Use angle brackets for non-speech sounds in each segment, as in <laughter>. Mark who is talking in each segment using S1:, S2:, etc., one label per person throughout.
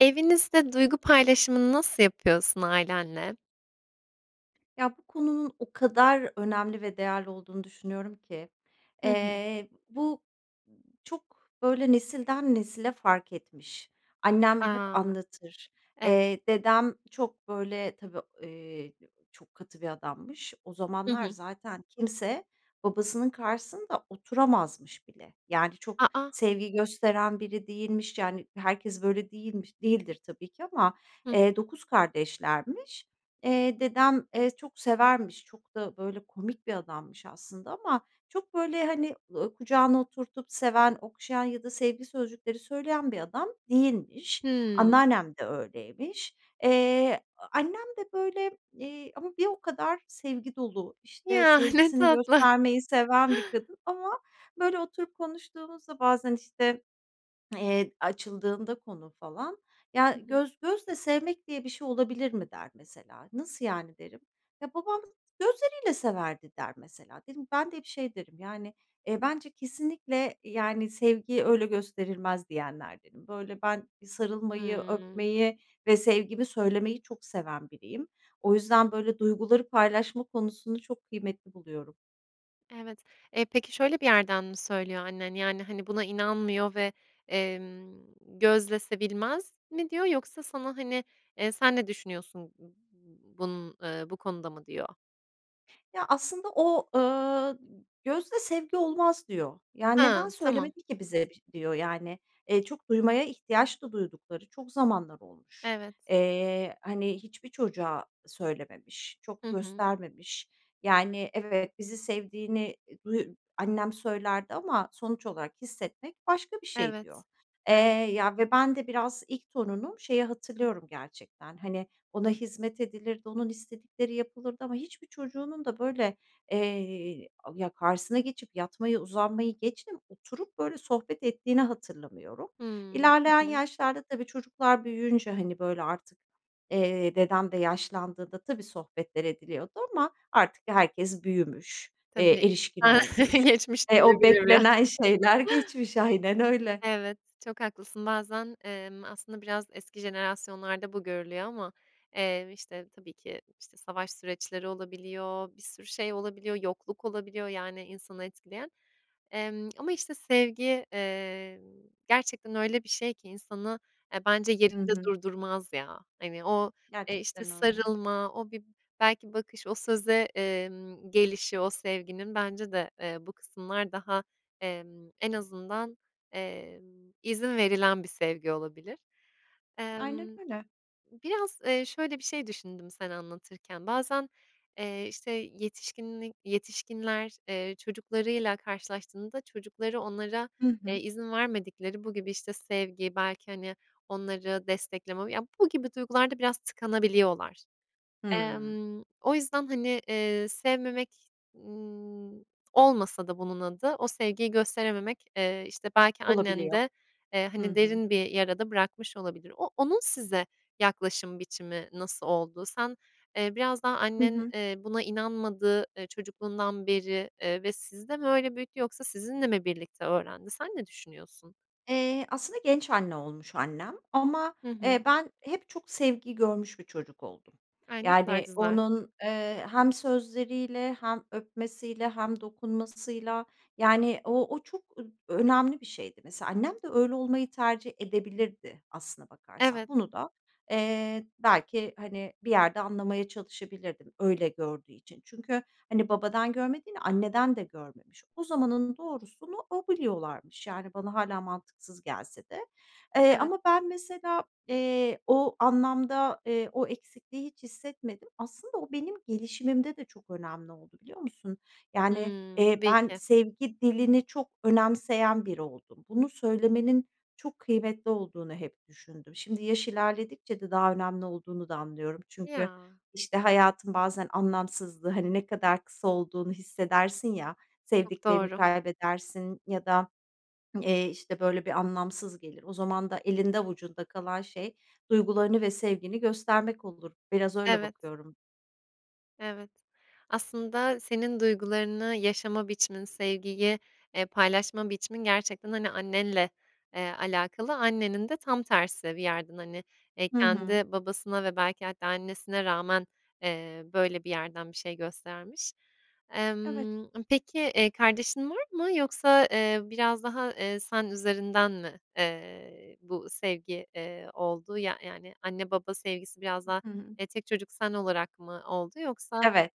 S1: Evinizde duygu paylaşımını nasıl yapıyorsun ailenle?
S2: Ya, bu konunun o kadar önemli ve değerli olduğunu düşünüyorum ki...
S1: Hı hı.
S2: Eee, bu çok, böyle, nesilden nesile fark etmiş. Annem hep
S1: A!
S2: anlatır.
S1: Ev
S2: Eee, dedem çok, böyle, tabii, eee, çok katı bir adammış. O
S1: Hı
S2: zamanlar
S1: hı.
S2: zaten kimse babasının karşısında oturamazmış bile. Yani, çok
S1: A, a!
S2: sevgi gösteren biri değilmiş, yani, herkes böyle değilmiş değildir tabii ki ama,
S1: Hı hı.
S2: eee, 9 kardeşlermiş. Eee, dedem, eee, çok severmiş, çok da, böyle, komik bir adammış aslında ama çok, böyle, hani, ııı, kucağına oturtup seven, okşayan ya da sevgi sözcükleri söyleyen bir adam değilmiş.
S1: Hıı.
S2: Anneannem de öyleymiş. Eee, annem de, böyle, eee, ama bir o kadar sevgi dolu, işte,
S1: Ya, ne
S2: sevgisini
S1: tatlı!
S2: göstermeyi seven bir kadın. Ama, böyle, oturup konuştuğumuzda bazen, işte, eee, açıldığında konu falan,
S1: Hı
S2: "Ya,
S1: hı.
S2: göz gözle sevmek diye bir şey olabilir mi?" der mesela. "Nasıl yani?" derim. "Ya, babam gözleriyle severdi." der mesela. Dedim ben de hep şey derim, yani, eee, "Bence kesinlikle, yani, sevgi öyle gösterilmez." diyenlerdenim. Böyle, ben bir sarılmayı,
S1: Hıı.
S2: öpmeyi ve sevgimi söylemeyi çok seven biriyim. O yüzden böyle duyguları paylaşma konusunu çok kıymetli buluyorum.
S1: Evet. Eee, peki, şöyle bir yerden mi söylüyor annen? Yani, hani, buna inanmıyor ve, emm, "Gözlese bilmez mi?" diyor yoksa sana, hani, eee, "Sen ne düşünüyorsun bunun eee, bu konuda?" mı diyor?
S2: Ya, aslında o, ııı, "Gözle sevgi olmaz." diyor. "Ya, neden
S1: Ha! Tamam.
S2: söylemedi ki bize biş?" diyor. Yani, eee, çok duymaya ihtiyaç da duydukları çok zamanlar olmuş.
S1: Evet.
S2: Eee, hani, hiçbir çocuğa söylememiş,
S1: Hı
S2: çok
S1: hı.
S2: göstermemiş. "Yani, evet, bizi sevdiğini, eee, duy annem söylerdi ama sonuç olarak hissetmek başka bir şey." diyor.
S1: Evet,
S2: Eee,
S1: evet.
S2: ya, ve ben de biraz ilk torunum. Şeyi hatırlıyorum gerçekten, hani, ona hizmet edilirdi, onun istedikleri yapılırdı ama hiçbir çocuğunun da, böyle, eee, a ya, karşısına geçip yatmayı, uzanmayı geçtim, oturup, böyle, sohbet ettiğini hatırlamıyorum.
S1: Hıı, hı
S2: İlerleyen
S1: hı.
S2: yaşlarda tabii çocuklar büyüyünce, hani, böyle, artık, eee, dedem de yaşlandığında, tabii, sohbetler ediliyordu ama artık herkes büyümüş,
S1: Tabii.
S2: eee, erişkin
S1: <chuckles>
S2: olmuş,
S1: Geçmiş
S2: eee, o
S1: <unintelligible> ya.
S2: beklenen şeyler geçmiş. Aynen öyle.
S1: Evet, çok haklısın. Bazen, emm, aslında biraz eski jenerasyonlarda bu görülüyor ama, eee, işte, tabii ki, işte, savaş süreçleri olabiliyor, bir sürü şey olabiliyor, yokluk olabiliyor... yani insanı etkileyen. Emm, ama, işte, sevgi, eee, gerçekten öyle bir şey ki insanı, eee, bence
S2: Hı
S1: yerinde
S2: hı.
S1: durdurmaz ya. Hani, o, eee, işte,
S2: Gerçekten öyle.
S1: sarılma, o bir belki bakış, o söze, emm, gelişi o sevginin bence de, eee, bu kısımlar daha, emm, en azından, emm, izin verilen bir sevgi olabilir.
S2: Aynen
S1: Emm,
S2: öyle.
S1: biraz, eee, şöyle bir şey düşündüm sen anlatırken, bazen, eee, işte, yetişkinli yetişkinler, eee, çocuklarıyla karşılaştığında çocukları onlara,
S2: Hı
S1: eee,
S2: hı.
S1: izin vermedikleri bu gibi, işte, sevgi, belki, hani, onları destekleme... ya, bu gibi duygular da biraz tıkanabiliyorlar.
S2: Hımm.
S1: Emm, o yüzden, hani, eee, sevmemek, ımm, olmasa da bunun adı, o sevgiyi gösterememek, eee, işte, belki
S2: Olabiliyor,
S1: annende, eee,
S2: hı
S1: hani,
S2: hı.
S1: derin bir yara da bırakmış olabilir. O onun size yaklaşım biçimi nasıl oldu? Sen, eee, biraz daha
S2: Hı
S1: annen,
S2: hı.
S1: eee, buna inanmadı, eee, çocukluğundan beri, eee, ve sizi de mi öyle büyüttü yoksa sizinle mi birlikte öğrendi? Sen ne düşünüyorsun?
S2: Eee, aslında genç anne olmuş annem ama,
S1: Hı
S2: eee,
S1: hı.
S2: ben hep çok sevgi görmüş bir çocuk oldum.
S1: Ay, ne kadar
S2: Yani,
S1: güzel!
S2: onun, eee, hem sözleriyle hem öpmesiyle hem dokunmasıyla. Yani, o o çok ö önemli bir şeydi. Mesela, annem de öyle olmayı tercih edebilirdi, aslına bakarsan.
S1: Evet.
S2: Bunu da, eee, belki, hani, bir yerde anlamaya çalışabilirdim, öyle gördüğü için. Çünkü, hani, babadan görmediğini, anneden de görmemiş. O zamanın doğrusunu o biliyorlarmış, yani, bana hâlâ mantıksız gelse de. Eee,
S1: Evet.
S2: ama ben, mesela, eee, o anlamda, eee, o eksikliği hiç hissetmedim. Aslında o benim gelişimimde de çok önemli oldu, biliyor musun? Yani,
S1: Hıı,
S2: eee,
S1: tabii
S2: ben
S1: ki.
S2: sevgi dilini çok önemseyen biri oldum. Bunu söylemenin çok kıymetli olduğunu hep düşündüm. Şimdi yaş ilerledikçe de daha önemli olduğunu da anlıyorum çünkü,
S1: Ya!
S2: işte, hayatın bazen anlamsızlığı, hani, ne kadar kısa olduğunu hissedersin ya,
S1: Çok
S2: sevdiklerini
S1: doğru.
S2: kaybedersin ya da, <swallows> eee, işte, böyle, bir anlamsız gelir. O zaman da elinde avucunda kalan şey duygularını ve sevgini göstermek olur. Biraz öyle
S1: Evet.
S2: bakıyorum.
S1: Evet. Aslında senin duygularını yaşama biçimin, sevgiyi, eee, paylaşma biçimin gerçekten, hani, annenle, eee, alakalı. Annenin de tam tersi bir yerden, hani, eee,
S2: Hı hı.
S1: kendi babasına ve belki hatta annesine rağmen, eee, böyle bir yerden bir şey göstermiş.
S2: Evet.
S1: Emm, ımm, peki, eee, kardeşin var mı yoksa, eee, biraz daha, eee, sen üzerinden mi, eee, bu sevgi, eee, oldu? Ya yani anne baba sevgisi biraz daha,
S2: Hı hı.
S1: eee, tek çocuk sen olarak mı oldu yoksa
S2: Evet.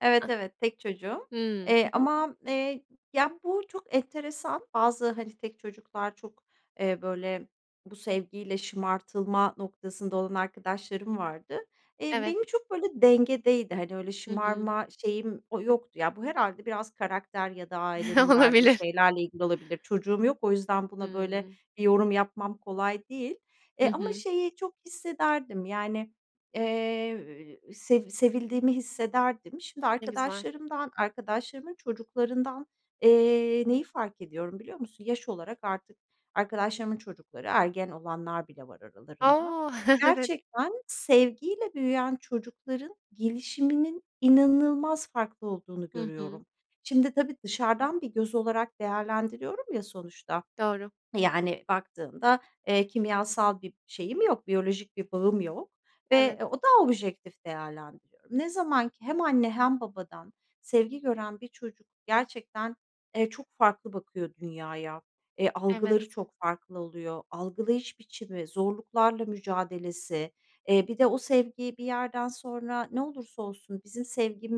S2: Evet,
S1: A
S2: evet. Tek çocuğum.
S1: Hımm,
S2: Eee,
S1: hı hı.
S2: ama, eee, ya, bu çok enteresan. Bazı, hani, tek çocuklar çok, eee, böyle, bu sevgiyle şımartılma noktasında olan arkadaşlarım vardı. Eee,
S1: Evet.
S2: benim çok böyle dengedeydi, hani, öyle
S1: Hı hı.
S2: şımarma şeyim, o yoktu. Ya, bu herhâlde biraz karakter ya da
S1: <chuckles>
S2: ailenin verdiği
S1: Olabilir.
S2: şeylerle ilgili olabilir. Çocuğum yok o yüzden buna böyle
S1: Hıı.
S2: bir yorum yapmam kolay değil,
S1: Hı
S2: eee, ama
S1: hı.
S2: şeyi çok hissederdim, yani, eee, sev sevildiğimi hissederdim. Şimdi
S1: Ne güzel.
S2: arkadaşlarımdan arkadaşlarımın çocuklarından, eee, neyi fark ediyorum, biliyor musun? Yaş olarak artık arkadaşlarımın çocukları, ergen olanlar bile var aralarında,
S1: A! <chuckles> Evet.
S2: gerçekten sevgiyle büyüyen çocukların gelişiminin inanılmaz farklı olduğunu
S1: Hı hı.
S2: görüyorum. Şimdi, tabii, dışarıdan bir göz olarak değerlendiriyorum ya sonuçta,
S1: Doğru.
S2: eee, yani, baktığında, eee, kimyasal bir şeyim yok, biyolojik bir bağım yok ve, eee,
S1: Evet.
S2: daha objektif değerlendiriyorum. Ne zaman ki hem anne hem babadan sevgi gören bir çocuk gerçekten, eee, çok farklı bakıyor dünyaya, eee, algıları
S1: Evet.
S2: çok farklı oluyor, algılayış biçimi, zorluklarla mücadelesi, eee, bir de o sevgi bir yerden sonra, "Ne olursa olsun bizim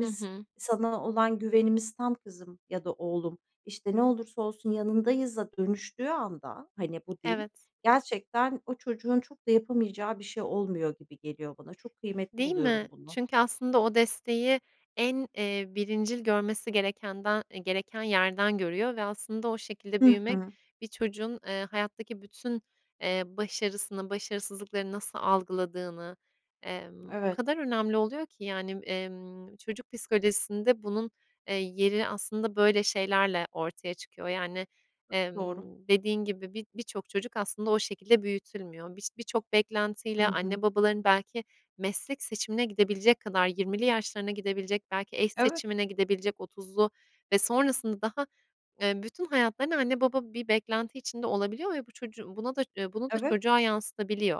S1: I hı.
S2: sana olan güvenimiz tam kızım." ya da oğlum, işte, "Ne olursa olsun yanındayız."a dönüştüğü anda, hani, bu dil,
S1: Evet.
S2: gerçekten o çocuğun çok da yapamayacağı bir şey olmuyor gibi geliyor bana. Çok kıymetli
S1: Değil
S2: buluyorum
S1: mi?
S2: bunu.
S1: Çünkü aslında o desteği en, eee, birincil görmesi gerekenden eee, gereken yerden görüyor ve aslında o şekilde
S2: Hı
S1: büyümek
S2: hı.
S1: bir çocuğun, eee, hayattaki bütün, eee, başarısını, başarısızlıklarını nasıl algıladığını, emm, o
S2: Evet.
S1: kadar önemli oluyor ki, yani, emm, çocuk psikolojisinde bunun, eee, yeri aslında böyle şeylerle ortaya çıkıyor. Yani,
S2: Çok doğru.
S1: emm, dediğin gibi, bi birçok çocuk aslında o şekilde büyütülmüyor. Biş birçok
S2: Hı
S1: beklentiyle
S2: hı.
S1: anne babaların belki meslek seçimine gidebilecek kadar, 20'li yaşlarına gidebilecek, belki eş
S2: Evet.
S1: seçimine gidebilecek, 30'lu ve sonrasında daha, eee, bütün hayatlarına anne baba bir beklenti içinde olabiliyor ve bu çocuğu buna da eee, bunu da
S2: Evet.
S1: çocuğa yansıtabiliyor.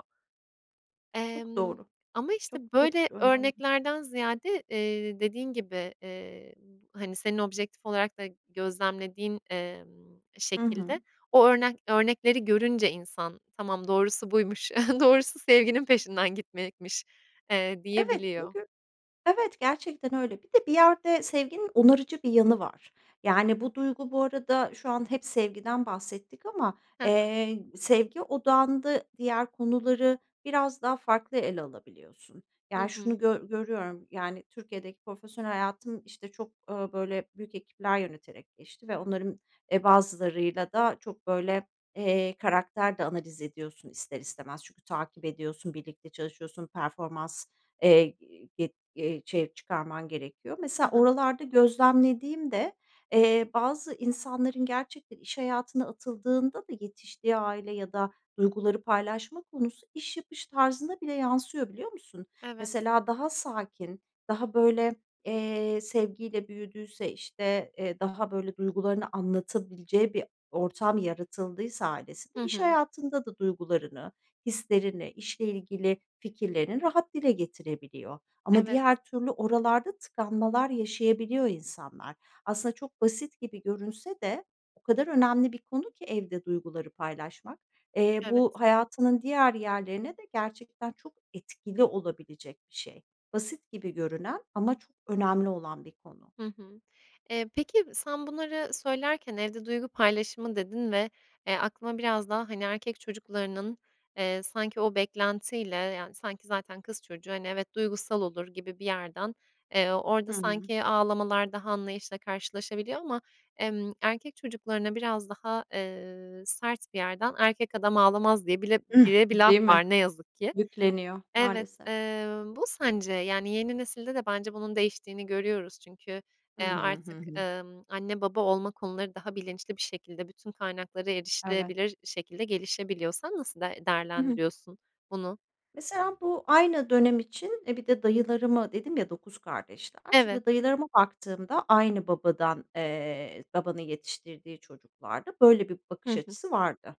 S2: Çok
S1: Emm,
S2: doğru.
S1: ama, işte,
S2: Çok, çok
S1: böyle
S2: önemli.
S1: örneklerden ziyade, eee, dediğin gibi, eee, hani, senin objektif olarak da gözlemlediğin, emm,
S2: I
S1: şekilde
S2: hı.
S1: o örna örnekleri görünce insan, "Tamam, doğrusu buymuş; <chuckles> doğrusu sevginin peşinden gitmekmiş." eee,
S2: Evet,
S1: diyebiliyor.
S2: çünkü Evet, gerçekten öyle. Bir de bir yerde sevginin onarıcı bir yanı var. Yani bu duygu bu arada şu an hep sevgiden bahsettik ama,
S1: Ha ha.
S2: eee, sevgi odağında diğer konuları biraz daha farklı ele alabiliyorsun.
S1: Hı
S2: Yani, şunu
S1: hı.
S2: gö görüyorum. Yani, Türkiye'deki profesyonel hayatım, işte, çok, ööö, böyle, büyük ekipler yöneterek geçti ve onların, eee, bazılarıyla da çok, böyle, eee, karakter de analiz ediyorsun ister istemez. Çünkü takip ediyorsun, birlikte çalışıyorsun, performans, eee, g eee, çer çıkarman gerekiyor.
S1: Ha
S2: Mesela
S1: ha.
S2: oralarda gözlemlediğimde, eee, bazı insanların gerçekten iş hayatına atıldığında da yetiştiği aile ya da duyguları paylaşma konusu iş yapış tarzına bile yansıyor, biliyor musun?
S1: Evet.
S2: Mesela daha sakin, daha, böyle, eee, sevgiyle büyüdüyse, işte, eee, daha, böyle, duygularını anlatabileceği bir ortam yaratıldıysa ailesinde,
S1: Hı
S2: iş
S1: hı.
S2: hayatında da duygularını, hislerini, işle ilgili fikirlerini rahat dile getirebiliyor. Ama
S1: Evet.
S2: diğer türlü oralarda tıkanmalar yaşayabiliyor insanlar. Aslında çok basit gibi görünse de o kadar önemli bir konu ki evde duyguları paylaşmak. Eee, bu
S1: Evet.
S2: hayatının diğer yerlerine de gerçekten çok etkili olabilecek bir şey. Basit gibi görünen ama çok önemli olan bir konu.
S1: Hı hı. Eee, peki, sen bunları söylerken, "evde duygu paylaşımı" dedin ve, eee, aklıma biraz daha, hani, erkek çocuklarının, eee, sanki o beklentiyle, yani, sanki zaten kız çocuğu, hani, evet, duygusal olur gibi bir yerden, eee,
S2: Hı
S1: orada
S2: hı.
S1: sanki ağlamalar daha anlayışla karşılaşabiliyor ama, emm, erkek çocuklarına biraz daha, eee, sert bir yerden, "Erkek adam ağlamaz." diye bile
S2: Hıh,
S1: bile bir laf
S2: değil mi?
S1: var, ne yazık ki.
S2: Yükleniyor.
S1: Evet.
S2: Maalesef.
S1: Eee, bu sence, yani, yeni nesilde de bence bunun değiştiğini görüyoruz. Çünkü,
S2: Hı
S1: eee,
S2: hı, hı
S1: artık,
S2: hı.
S1: ımm, anne baba olma konuları daha bilinçli bir şekilde, bütün kaynaklara
S2: Evet.
S1: erişilebilir şekilde gelişebiliyor. Sen nasıl d
S2: Hı hı.
S1: değerlendiriyorsun bunu?
S2: Mesela bu aynı dönem için e, bir de dayılarımı dedim ya 9 kardeşler,
S1: Evet.
S2: şimdi, dayılarıma baktığımda aynı babadan eee, babanın yetiştirdiği çocuklarda böyle bir bakış
S1: Hı hı.
S2: açısı vardı.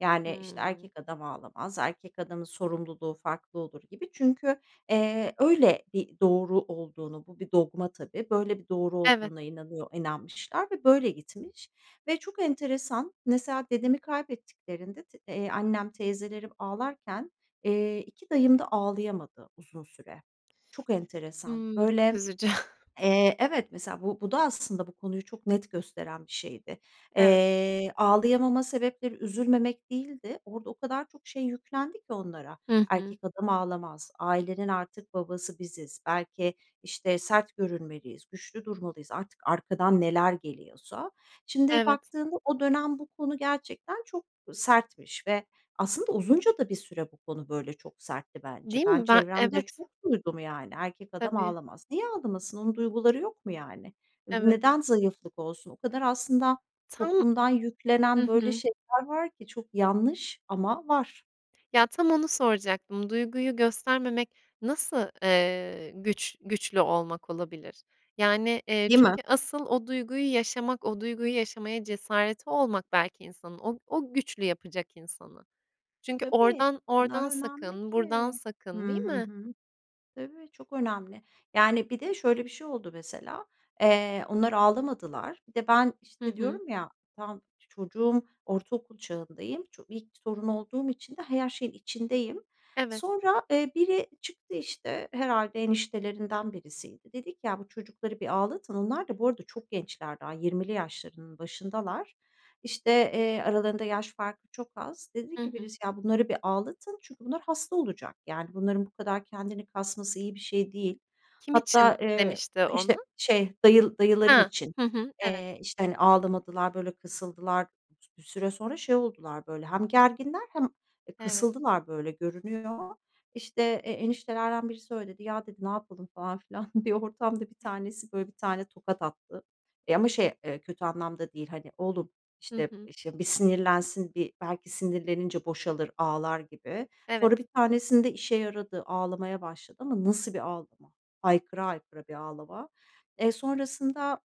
S2: Yani, işte,
S1: Hmm.
S2: "Erkek adam ağlamaz, erkek adamın sorumluluğu farklı olur." gibi çünkü, eee, öyle bir doğru olduğunu bu bir dogma tabii, böyle bir doğru
S1: Evet.
S2: olduğuna inanıyor inanmışlar ve böyle gitmiş. Ve çok enteresan, mesela dedemi kaybettiklerinde t eee, annem teyzelerim ağlarken, eee, 2 dayım da ağlayamadı uzun süre. Çok enteresan,
S1: Hımm
S2: böyle,
S1: <unintelligible> üzücü. <chuckles>
S2: eee Evet. Mesela bu bu da aslında bu konuyu çok net gösteren bir şeydi.
S1: Evet.
S2: Eee, ağlayamama sebepleri üzülmemek değildi, orada o kadar çok şey yüklendi ki onlara,
S1: Hı hı.
S2: "Erkek adam ağlamaz, ailenin artık babası biziz, belki, işte, sert görünmeliyiz, güçlü durmalıyız." artık arkadan neler geliyorsa. Şimdi
S1: Evet.
S2: baktığında o dönem bu konu gerçekten çok sertmiş ve aslında uzunca da bir süre bu konu böyle çok sertti bence.
S1: Değil
S2: Ben
S1: mi? Ben
S2: çevremde
S1: evet.
S2: çok duydum, yani, "Erkek adam
S1: Tabii.
S2: ağlamaz." Niye ağlamasın? Onun duyguları yok mu, yani? N
S1: Evet.
S2: neden zayıflık olsun? O kadar aslında
S1: Ta
S2: toplumdan
S1: Hı
S2: yüklenen böyle
S1: hı.
S2: şeyler var ki. Çok yanlış ama var.
S1: Ya, tam onu soracaktım, duyguyu göstermemek nasıl, eee, güç güçlü olmak olabilir? Yani, eee,
S2: Değil mi?
S1: çünkü asıl o duyguyu yaşamak, o duyguyu yaşamaya cesareti olmak belki insanın o o güçlü yapacak insanı. Çünkü
S2: Tabii,
S1: oradan
S2: o kadar
S1: oradan
S2: önemli
S1: sakın, buradan
S2: ki. Hı
S1: sakın, değil
S2: hı,
S1: mi?
S2: hı. Tabii, çok önemli. Yani, bir de şöyle bir şey oldu mesela, eee, onlar ağlamadılar Bir de ben,
S1: Hı
S2: işte,
S1: hı.
S2: diyorum ya, tamam, çocuğum, ortaokul çağındayım, ço ilk torun olduğum için de ha her şeyin içindeyim.
S1: Evet.
S2: Sonra, eee, biri çıktı, işte, herhâlde eniştelerinden birisiydi, dedi ki: "Ya, bu çocukları bir ağlatın." Onlar da bu arada çok gençler daha, 20'li yaşlarının başındalar. İşte, eee, aralarında yaş farkı çok az, dedi
S1: Hı
S2: ki
S1: hı.
S2: birisi, "Ya, bunları bir ağlatın çünkü bunlar hasta olacak yani bunların bu kadar kendini kasması iyi bir şey değil."
S1: Kim
S2: Hatta,
S1: için
S2: eee,
S1: demişti
S2: işte,
S1: onu?
S2: şey dayıl dayılarım
S1: Ha!
S2: için,
S1: Hı hı, evet.
S2: eee, işte, hani, ağlamadılar, böyle kısıldılar, bir süre sonra şey oldular, böyle, hem gerginler hem, e,
S1: Evet.
S2: kısıldılar, böyle, görünüyor. İşte, eee, eniştelerden biri söyledi, "Ya," dedi, "ne yapalım?" falan filan. <chuckles> Bir ortamda bir tanesi, böyle, bir tane tokat attı. Eee, ama şey, eee, kötü anlamda değil, hani, "Oğlum,
S1: Hı
S2: işte,
S1: hı.
S2: e, ş bir sinirlensin, bir belki sinirlenince boşalır, ağlar." gibi. Sonra
S1: Evet.
S2: 1 tanesinde işe yaradı, ağlamaya başladı ama nasıl bir ağlama? Haykıra haykıra bir ağlama. Eee, sonrasında,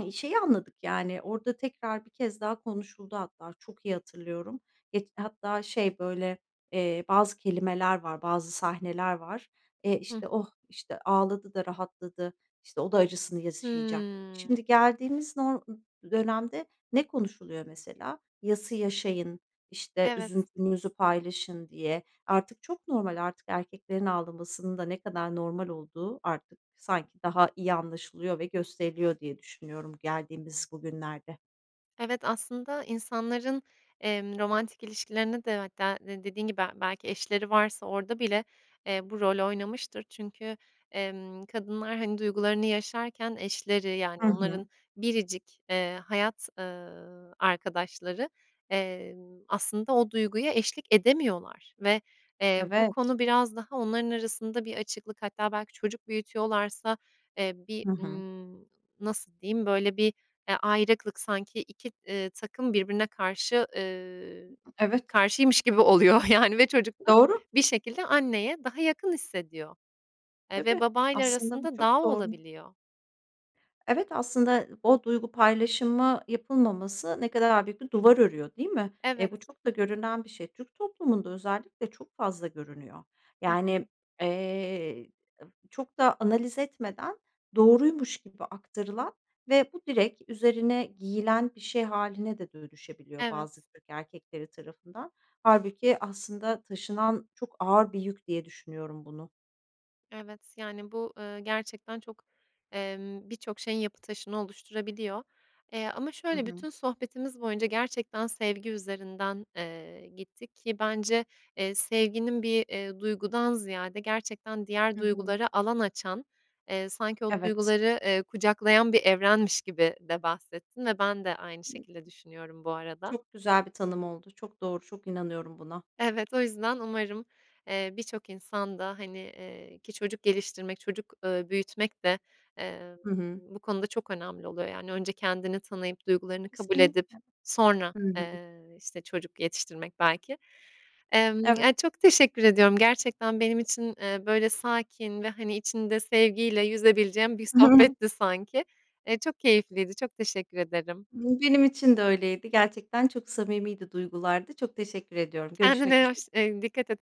S2: eee, şeyi anladık yani orada tekrar bir kez daha konuşuldu hatta çok iyi hatırlıyorum. Geç hatta şey, böyle, eee, bazı kelimeler var, bazı sahneler var. E,
S1: Hı hı.
S2: işte, "Oh! İşte ağladı da rahatladı, işte, o da acısını yaşayacak."
S1: Hmm.
S2: Şimdi geldiğimiz nor dönemde ne konuşuluyor mesela? "Yası yaşayın, işte,
S1: Evet.
S2: üzüntünüzü paylaşın." diye, artık çok normal, artık erkeklerin ağlamasının da ne kadar normal olduğu artık sanki daha iyi anlaşılıyor ve gösteriliyor diye düşünüyorum geldiğimiz bugünlerde.
S1: Evet, aslında insanların, emm, romantik ilişkilerine de hatta d dediğin gibi, belki eşleri varsa orada bile, eee, bu rol oynamıştır. Çünkü, emm, kadınlar, hani, duygularını yaşarken eşleri, yani,
S2: Hı hı.
S1: onların biricik, eee, hayat, ııı, arkadaşları, emm, aslında o duyguya eşlik edemiyorlar. Ve, eee, bu
S2: Evet.
S1: konu biraz daha onların arasında bir açıklık hatta belki çocuk büyütüyorlarsa, eee, bir,
S2: Hı hı.
S1: ımm, nasıl diyeyim? Böyle, bir, eee, ayrıklık sanki 2, eee, takım birbirine karşı eee,
S2: Evet.
S1: karşıymış gibi oluyor, yani, ve çocuk da
S2: Doğru.
S1: bir şekilde anneye daha yakın hissediyor. Eee, ve
S2: Tabii.
S1: babayla
S2: Aslında bu
S1: arasında dağ
S2: çok doğru.
S1: olabiliyor.
S2: Evet, aslında o duygu paylaşımı yapılmaması ne kadar a büyük bir duvar örüyor, değil mi? E,
S1: Evet.
S2: bu çok da görünen bir şey. Türk toplumunda özellikle çok fazla görünüyor.
S1: Hı
S2: Yani,
S1: hı.
S2: eee, çok da analiz etmeden doğruymuş gibi aktarılan ve bu direkt üzerine giyilen bir şey hâline de dönüşebiliyor bazı
S1: Evet.
S2: Türk erkekleri tarafından. Hâlbuki aslında taşınan çok ağır bir yük diye düşünüyorum bunu.
S1: Evet. Yani, bu, ııı, gerçekten çok, emm, bir çok şeyin yapı taşını oluşturabiliyor. Eee, ama
S2: Hı
S1: şöyle
S2: hı.
S1: bütün sohbetimiz boyunca gerçekten sevgi üzerinden, eee, gittik ki bence, eee, sevginin bir, eee, duygudan ziyade gerçekten diğer
S2: Hı hı.
S1: duygulara alan açan, eee, sanki o
S2: Evet.
S1: duyguları, eee, kucaklayan bir evrenmiş gibi de bahsettin ve ben de aynı şekilde düşünüyorum bu arada.
S2: Çok güzel bir tanım oldu. Çok doğru, çok inanıyorum buna.
S1: Evet, o yüzden umarım, eee, bir çok insan da, hani, eee, ki çocuk geliştirmek, çocuk, ııı, büyütmek de, eee,
S2: Hı hı.
S1: bu konuda çok önemli oluyor. Yani önce kendini tanıyıp duygularını kabul edip
S2: Kesinlikle.
S1: sonra,
S2: Hı hı.
S1: eee, işte, çocuk yetiştirmek belki Emm,
S2: Evet.
S1: ya, çok teşekkür ediyorum. Gerçekten benim için, eee, böyle, sakin ve, hani, içinde sevgiyle yüzebileceğim bir
S2: <chuckles>
S1: sohbetti sanki. Eee, çok keyifliydi, çok teşekkür ederim.
S2: <unintelligible> benim için de öyleydi, gerçekten çok samimiydi duygulardı. Çok teşekkür ediyorum, görüşmek
S1: Kendine
S2: üzere.
S1: hoş eee, dikkat et.